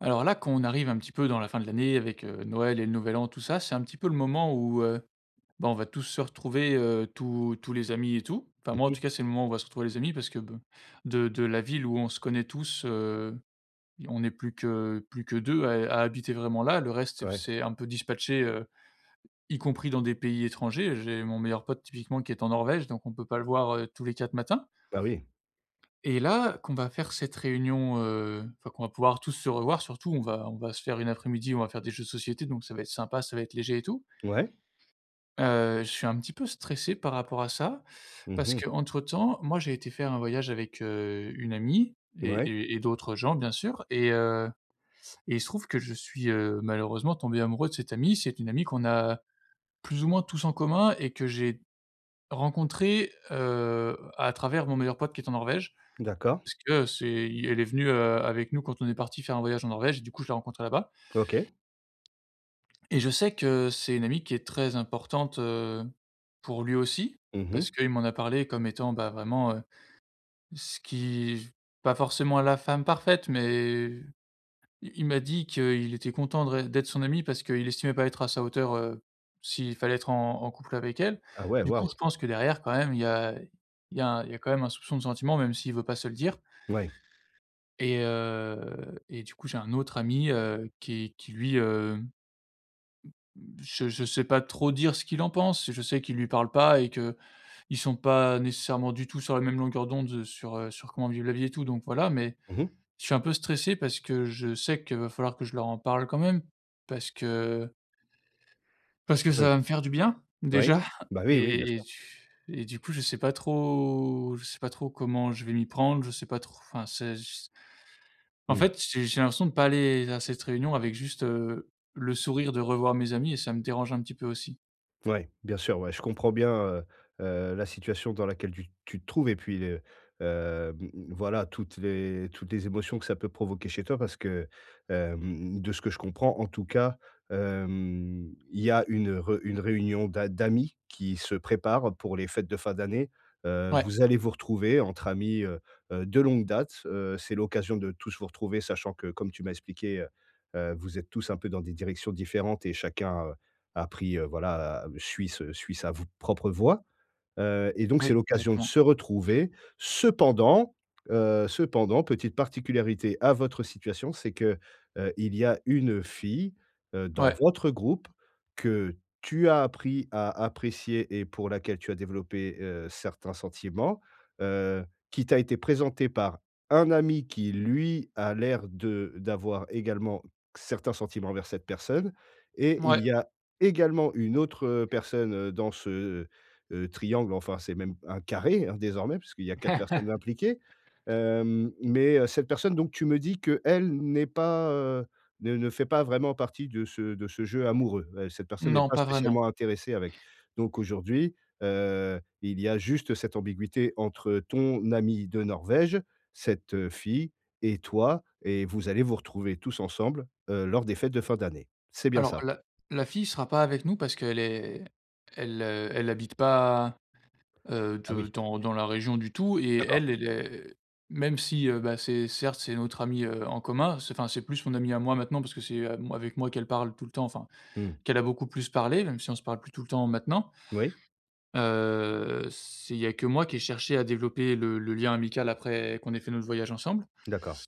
Alors là quand on arrive un petit peu dans la fin de l'année avec, heu, Noël et le nouvel An, tout ça, c'est un petit peu le moment où, heu, ben, on va tous se retrouver, heu, tous tous les amis et tout. Enfin, Mmh moi en tout mh. cas, c'est le moment où on va se retrouver les amis parce que be de de la ville où on se connaît tous, heu, i on est plus que plus que 2 à é à habiter vraiment là, le reste s'est f Ouais. s'est un peu dispatché, heu, y compris dans des pays étrangers. J'ai mon meilleur pote typiquement qui est en Norvège, donc on peut pas le voir, heu, tous les quatre matins. Bah, oui. Et là, qu'on va faire cette réunion, heu, enfin, qu'on va pouvoir tous se revoir surtout, on va on va se faire une après-midi, on va faire des jeux de société donc ça va être sympa, ça va être léger et tout. Ouais. Heu, je suis un petit peu stressé par rapport à ça Mmh parce mh. qu'entre temps, moi j'ai été faire un voyage avec, heu, une amie et Ouais. et et d'autres gens bien sûr et heu, et il se trouve que je suis, heu, malheureusement tombé amoureux de cette amie. C'est une amie qu'on a plus ou moins tous en commun et que j'ai rencontrée, heu, à travers mon meilleur pote qui est en Norvège, D'accord. parce que c'est, i elle est venue, heu, avec nous quand on est partis faire un voyage en Norvège et du coup, je l'ai rencontrée là-bas. OK. Et je sais que c'est une amie qui est très importante, heu, pour lui aussi Mmh parce mh. qu'il m'en a parlé comme étant, bah, vraiment, heu, ce qui v pas forcément la femme parfaite, mais i il m'a dit qu'il était content de ré d'être son ami parce qu'il estimait pas être à sa hauteur, heu, s'il fallait être en en couple avec elle. Ah, ouais, Du coup, je waouh! pense que derrière quand même, il y a il y a il y a quand même un soupçon de sentiment même s'il veut pas se le dire. Ouais. Et, heu, et du coup, j'ai un autre ami, heu, qui est qui lui, hem, m mmh, je je sais pas trop dire ce qu'il en pense, je sais qu'il lui parle pas et qu'ils sont pas nécessairement du tout sur la même longueur d'onde sur, heu, sur comment vivre la vie et tout donc voilà, mais Mmh mh. je suis un peu stressé parce que je sais qu'il va falloir que je leur en parle quand même parce que parce que Oui. ça va me faire du bien Oui, déjà bah, oui, oui, bien et et sûr. et du coup je sais pas trop je sais pas trop comment je vais m'y prendre, je sais pas tr enfin, c'est je s En Mmh. fait, j'ai j'ai l'impression de pas aller à cette réunion avec juste, heu, le sourire de revoir mes amis et ça me dérange un petit peu aussi. Ouais. Bien sûr, ouais. Je comprends bien, heu heu, la situation dans laquelle tu tu te trouves et puis de, heu mmh, voilà, toutes les toutes les émotions que ça peut provoquer chez toi parce que, heu, mmh mh, de ce que je comprends, en tout cas, hem, il y a une re une réunion d'a d'amis qui se prépare pour les fêtes de fin d'année. Heu, Ouais. vous allez vous retrouver entre amis, heu heu, de longue date. Heu, c'est l'occasion de tous vous retrouver sachant que comme tu m'as expliqué heu heu, vous êtes tous un peu dans des directions différentes et chacun, heu, a pris heu, voilà, heu, suis ce suis sa v propre voie. Heu et donc, c'est Oui, l'occasion de exactement. se retrouver. Cependant, heu cependant, petite particularité à votre situation, c'est que, heu, il y a une fille, heu, dans Ouais. votre groupe que tu as appris à apprécier et pour laquelle tu as développé, heu, certains sentiments, heu, qui t'a été présenté par un ami qui lui a l'air de d'avoir également certains sentiments envers cette personne et il Mouais. y a également une autre personne dans ce, heu heu, triangle, enfin, c'est même un carré, hein, désormais puisqu'il y a 4 personnes impliquées. Hem, mais cette personne donc, tu me dis qu'elle n'est pas heu, ne ne fait pas vraiment partie de ce de ce jeu amoureux, heu, cette personne n'est Non, pas pas vraiment. spécialement intéressée avec Donc aujourd'hui, heu, il y a juste cette ambiguïté entre ton ami de Norvège, cette fille et toi et vous allez vous retrouver tous ensemble, heu, lors des fêtes de fin d'année. C'est bien Alors ça? la la fille sera pas avec nous parce qu'elle est elle elle habite pas, heu, Ah, de oui. dans dans la région du tout et D'accord. elle, elle est même si, heu, bah, c'est, certes c'est notre amie, heu, en commun, c'est enfin, c'est plus mon amie à moi maintenant parce que c'est à moi avec moi qu'elle parle tout le temps enfin, Mmh. qu'elle a beaucoup plus parler même si on se parle plus tout le temps maintenant. Oui. Heu, c'est il y a que moi qui ai cherché à développer le le lien amical après qu'on ait fait notre voyage ensemble D'accord.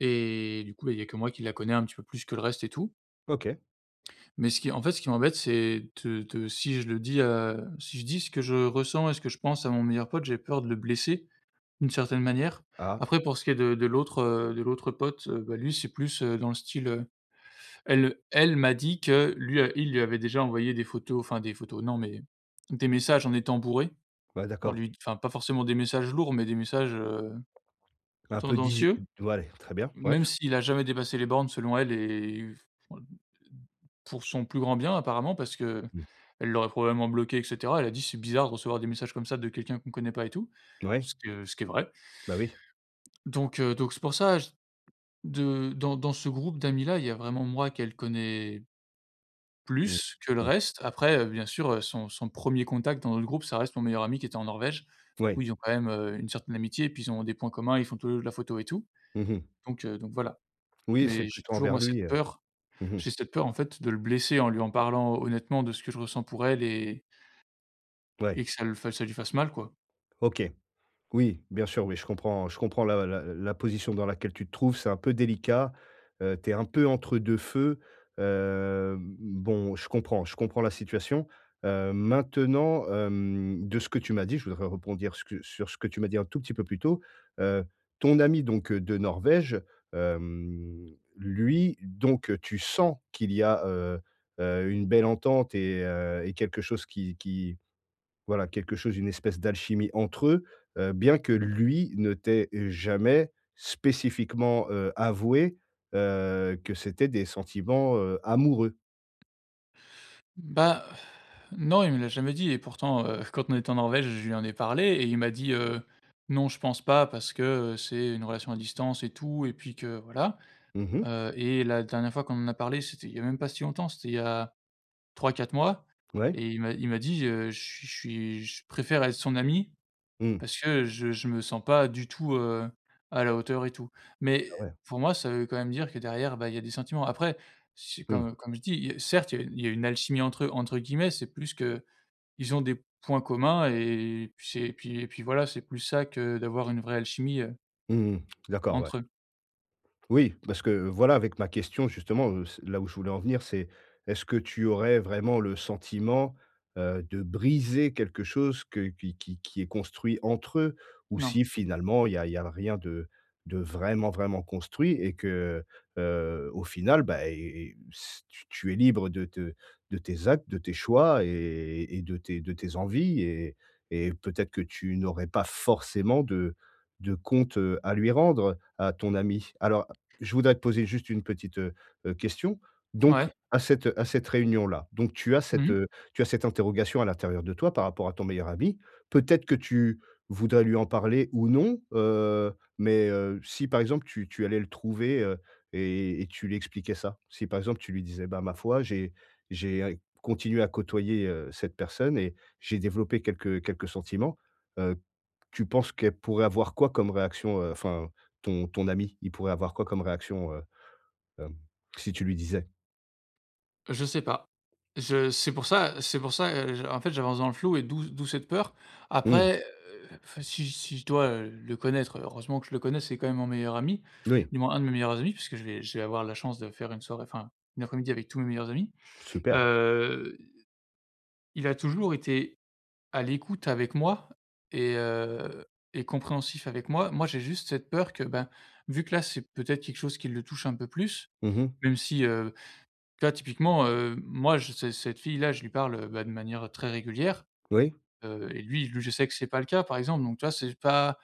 et du coup, bah il y a que moi qui la connais un petit peu plus que le reste et tout. OK. Mais ce qui en fait, ce qui m'embête, c'est de de si je le dis, heu si je dis ce que je ressens et ce que je pense à mon meilleur pote, j'ai peur de le blesser, d'une certaine manière. Ah. Après pour ce qui est de de l'autre, heu de l'autre pote, heu, bah lui c'est plus, heu, dans le style, heu, elle elle m'a dit que lui, heu il lui avait déjà envoyé des photos, enfin des photos, non, mais des messages en étant bourré, Ouais, en d'accord. lui d enfin pas forcément des messages lourds, mais des messages, heu, Un peu diz tendancieux. tout va aller, très bien, wesh. Même s'il a jamais dépassé les bornes selon elle et [unintelligible] pour son plus grand bien apparemment parce qu'elle Mmh. l'aurait probablement bloqué et cetera. Elle a dit c'est bizarre de recevoir des messages comme ça de quelqu'un qu'on connaît pas et tout. Ouais. Ce que ce qui est vrai Bah oui. donc, heu, donc c'est pour ça j de dans dans ce groupe d'amis là, il y a vraiment moi qu'elle connais Mmh plus que le mh. reste après, heu, bien sûr, heu, son son 1er contact dans notre groupe, ça reste mon meilleur ami qui était en Norvège, où Ouais. ils ont quand même, heu, une certaine amitié puis ils ont des points communs, ils font tout les 2 de la photo et tout Mmh mh. donc, heu donc, voilà. Oui, c'est Mais j'ai plutôt toujours envers moi cette lui, heu. peur Mmh mh. j'ai cette peur en fait de le blesser en lui en parlant honnêtement de ce que je ressens pour elle et Ouais. et que ça l ça lui fasse mal, quoi. OK. Oui, bien sûr. Oui, je comprends. Je comprends la la la position dans laquelle tu te trouves, c'est un peu délicat. Heu, tu es un peu entre deux feux. Hem, bon, je comprends, je comprends la situation. Heu, maintenant, hem, de ce que tu m'as dit, je voudrais rebondir ce que sur ce que tu m'as dit un tout petit peu plus tôt. Heu, ton ami donc, heu, de Norvège, hem, lui donc, heu, tu sens qu'il y a, heu heu, une belle entente et heu et quelque chose qui qui, voilà, quelque chose, une espèce d'alchimie entre eux. Heu, bien que lui ne t'ait jamais spécifiquement, heu, avoué, heu, que c'étaient des sentiments, heu, amoureux? Bah non, il me l'a jamais dit et pourtant, heu, quand on était en Norvège, je lui en ai parlé et il m'a dit: «Heu, non je pense pas parce que, heu, c'est une relation à distance et tout» et puis que voilà. Mmh mh. Heu et la dernière fois qu'on en a parlé, c'était il y a même pas si longtemps, c'était il y a 3-4 mois Ouais. et il m'a il m'a dit: «Heu, je suis je suis je préfère être son ami Mmh. parce que je je me sens pas du tout, heu, à la hauteur et tout». Mais Ah ouais. pour moi ça veut quand même dire que derrière, bah, il y a des sentiments. Après c'est Mmh. comme comme je dis, heu: «Certes il y a il y a une alchimie entre eux» entre guillemets, c'est plus qu'ils ont des points communs et puis c'est et puis et puis voilà, c'est plus ça que d'avoir une vraie alchimie, heu Mmh mh, d'accord, ouais. Entre eux. Oui, parce que, voilà ,avec ma question justement, heu, c là où je voulais en venir, c'est est-ce que tu aurais vraiment le sentiment, heu, de briser quelque chose que qui qui qui est construit entre eux? Ou Non. si finalement il y a il y a rien de de vraiment, vraiment construit et que, heu, au final, bah, et et s t tu es libre de te de tes actes, de tes choix et et et de tes de tes envies et et peut-être que tu n'aurais pas forcément de de compte, heu, à lui rendre, à ton ami. Alors, je voudrais te poser juste une petite, heu heu, question. Donc, Ouais. à cette à cette réunion-là, donc tu as Mmh cette mh. heu, tu as cette interrogation à l'intérieur de toi par rapport à ton meilleur ami. Peut-être que tu voudrais lui en parler ou non. Heu, mais, heu, si par exemple, tu tu allais le trouver, heu, et et tu lui expliquais ça? Si par exemple, tu lui disais: «Bah ma foi, j'ai j'ai ai continué à côtoyer, heu, cette personne et j'ai développé quelques quelques sentiments». Heu, tu penses qu'elle pourrait avoir quoi comme réaction heu, enfin, ton ton ami, il pourrait avoir quoi comme réaction, heu, hem, si tu lui disais? Je sais pas, je c'est pour ça c'est pour ça, heu, je en fait j'avance dans le flou et d'où d'où cette peur. Mmh. Après, heu, enfin si si je dois, heu, le connaître heureusement que je le connais, c'est quand même mon meilleur ami, Oui. du moins un de mes meilleurs amis puisque je vais je vais avoir la chance de faire une soirée enfin une après-midi avec tous mes meilleurs amis. Super. Heu, il a toujours été à l'écoute avec moi et heu, et compréhensif avec moi. Moi j'ai juste cette peur que ben, vu que là, c'est peut-être quelque chose qui le touche un peu plus, Mmh mh. même si, heu, tu vois typiquement, heu, moi je cè cette fille-là, je lui parle, heu, bah, de manière, heu, très régulière. Oui. Heu et lui lui je sais que c'est pas le cas par exemple, donc tu vois c'est pas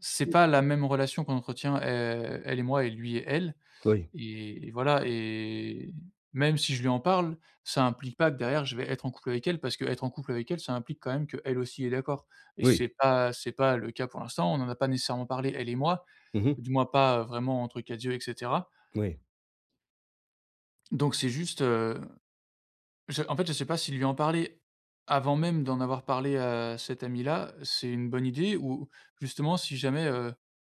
c'est [unintelligible] pas la même relation qu'on entretient, heu, elle et moi et lui et elle Oui. et et voilà et même si je lui en parle, ça implique pas que derrière je vais être en couple avec elle parce qu'être en couple avec elle, ça implique quand même qu'elle aussi est d'accord et Oui. c'est pas, heu, c'est pas le cas pour l'instant. On n'en a pas nécessairement parlé elle et moi, Mmh mh. du moins pas, heu, vraiment entre 4 yeux et cetera. Oui. Donc c'est juste, heu, je en fait, je sais pas si lui en parler avant même d'en avoir parlé, heu, à cette amie là, c'est une bonne idée ou justement si jamais, heu,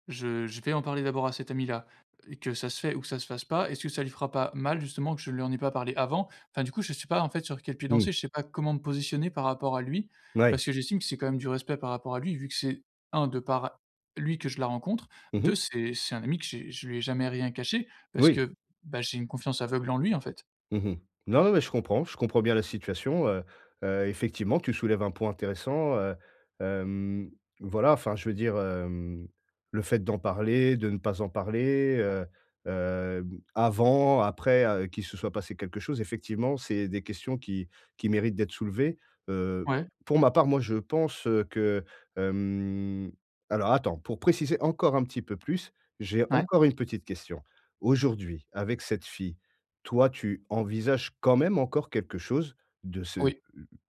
je je vais en parler d'abord à cette amie-là et que ça se fait ou que ça se fasse pas, est-ce que ça lui fera pas mal justement que je ne lui en ai pas parlé avant? Enfin du coup, je sais pas en fait sur quel pied Mmh. danser, je sais pas comment me positionner par rapport à lui, Ouais. parce que j'estime que c'est quand même du respect par rapport à lui, vu que c'est 1, de par lui que je la rencontre, Mmh 2, mh. c'est c'est un ami que j'ai je lui ai jamais rien caché parce Oui. que, bah, j'ai une confiance aveugle en lui en fait. Mmh mh. Non, non, mais, je comprends je comprends bien la situation, heu heu, effectivement, tu soulèves un point intéressant, heu, hem. Voilà, enfin, je veux dire, hem, le fait d'en parler, de ne pas en parler, heu heu, avant, après, heu, qui se soit passé quelque chose, effectivement, c'est des questions qui qui méritent d'être soulevées. Heu, Ouais. pour ma part, moi, je pense que, hem. Alors, attends, pour préciser encore un petit peu plus, j'ai Ouais. encore une petite question. Aujourd'hui, avec cette fille, toi, tu envisages quand même encore quelque chose de ce, heu, Oui.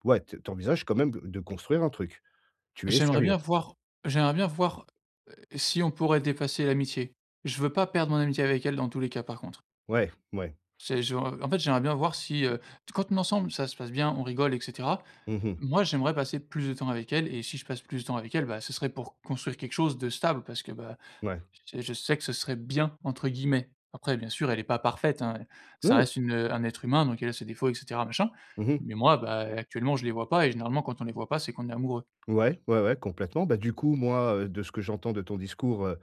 ouais, tu envisages quand même, heu, de construire un truc? Tu es J'aimerais sérieux? bien voir j'aimerais bien voir, heu, si on pourrait dépasser l'amitié. Je veux pas perdre mon amitié avec elle, dans tous les cas, par contre. Ouais, ouais. C'est je en en fait, j'aimerais bien voir si, heu quand on est ensemble, ça se passe bien, on rigole et cetera. Mmh mh. Moi, j'aimerais passer plus de temps avec elle et si je passe plus de temps avec elle, bah, ce serait pour construire quelque chose de stable. Parce que, bah, Ouais. j je sais que «ce serait bien» entre guillemets. Après, bien sûr, elle est pas parfaite, hein. Ça Oui. reste une un être humain. Donc, elle a ses défauts et cetera, machin. Mmh mh. Mais, moi, bah, heu, actuellement, je les vois pas et généralement, quand on les voit pas, c'est qu'on est amoureux. Ouais, ouais, ouais, complètement. Bah, du coup, moi, heu, de ce que j'entends de ton discours, heu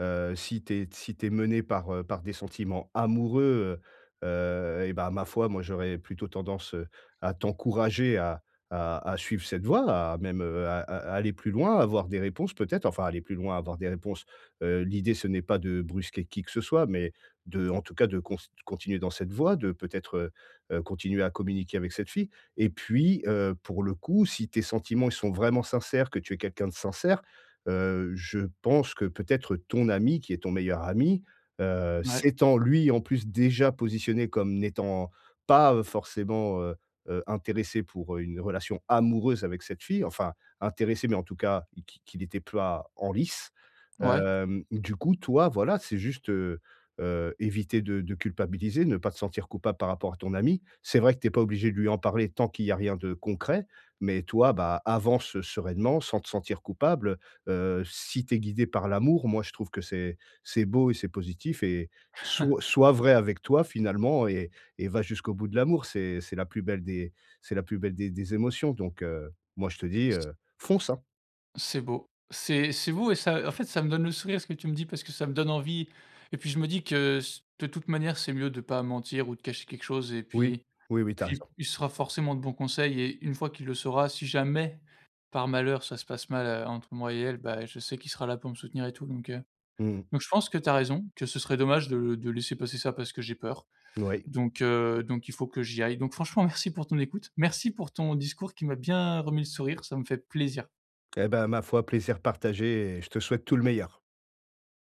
heu, si tu es si tu es mené par, heu, par des sentiments amoureux, heu heu et bah, ma foi, moi, j'aurais plutôt tendance, heu, à t'encourager à à à suivre cette voie, à même, heu, à à aller plus loin, avoir des réponses peut-être enfin, aller plus loin, avoir des réponses. Heu, l'idée ce n'est pas de brusquer qui que ce soit, mais de, en tout cas, de const continuer dans cette voie, de peut-être, heu, continuer à communiquer avec cette fille et puis, heu, pour le coup, si tes sentiments ils sont vraiment sincères, que tu es quelqu'un de sincère, heu, je pense que peut-être ton ami, qui est ton meilleur ami, heu, Ouais. s'étant lui, en plus, déjà positionné comme n'étant pas, heu, forcément, heu heu, intéressé pour une relation amoureuse avec cette fille, enfin, intéressé, mais, en tout cas, qui qu'il était pas en lice. Ouais. Hem, du coup, toi, voilà, c'est juste, heu heu, éviter de de culpabiliser, ne pas te sentir coupable par rapport à ton ami. C'est vrai que tu es pas obligé de lui en parler tant qu'il y a rien de concret. Mais, toi, bah, avance sereinement sans te sentir coupable, heu. Heu, si tu es guidé par l'amour, moi, je trouve que c'est c'est beau et c'est positif et soit soit vrai avec toi, finalement et et va jusqu'au bout de l'amour. C'est c'est la plus belle des c'est la plus belle des des émotions donc, heu, moi, je te dis, Ce heu, fonce, hein. C'est beau, c'est c'est vous et ça, en fait, ça me donne le sourire ce que tu me dis. Parce que ça me donne envie et puis je me dis que ce de toute manière, c'est mieux de pas mentir ou de cacher quelque chose et Oui, puis oui, oui. Tu as puis raison. il sera forcément de bons conseils et une fois qu'il le saura, si jamais, par malheur, ça se passe mal, heu, entre moi et elle, bah, je sais qu'il sera là pour me soutenir et tout, donc, heu. Mmh mh. Donc, je pense que tu as raison, que ce serait dommage de de laisser passer ça parce que j'ai peur. Oui. Donc, heu, donc, il faut que j'y aille. Donc, franchement, merci pour ton écoute, merci pour ton discours qui m'a bien remis le sourire. Ça me fait plaisir. Et bah, ma foi, plaisir partagé et je te souhaite tout le meilleur.